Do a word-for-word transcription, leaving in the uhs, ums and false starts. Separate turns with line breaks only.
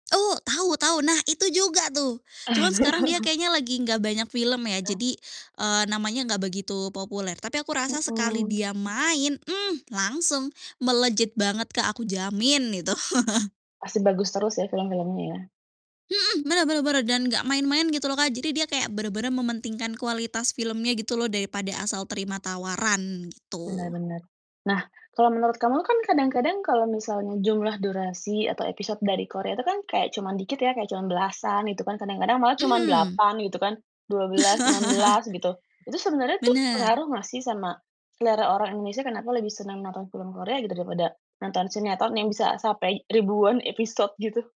Oh, tahu tahu. Nah, itu juga tuh. Cuman sekarang dia kayaknya lagi enggak banyak film ya. Jadi, eee, namanya enggak begitu populer. Tapi aku
Mhm,
rasa sekali dia
mmm.
main, mmm, langsung, melejit banget Kak, aku jamin gitu.
Pasti bagus terus ya, film-filmnya ya?
Mhm, benar benar benar dan gak main-main gitu loh, Kak. Jadi dia kayak bener-bener mementingkan kualitas filmnya gitu loh daripada asal terima tawaran,
Bener
gitu.
bener. Nah, kalau menurut kamu kan kadang-kadang kalau misalnya jumlah durasi atau episode dari Korea itu kan kayak cuman dikit ya, kayak cuman belasan gitu kan, kadang-kadang malah cuman
Mhm.
delapan gitu kan, dua belas, enam belas gitu. Itu sebenarnya tuh
Benar.
pengaruh gak sih sama selera orang Indonesia, kenapa lebih senang nonton film Korea gitu daripada nonton sinetron yang bisa sampai ribuan episode gitu?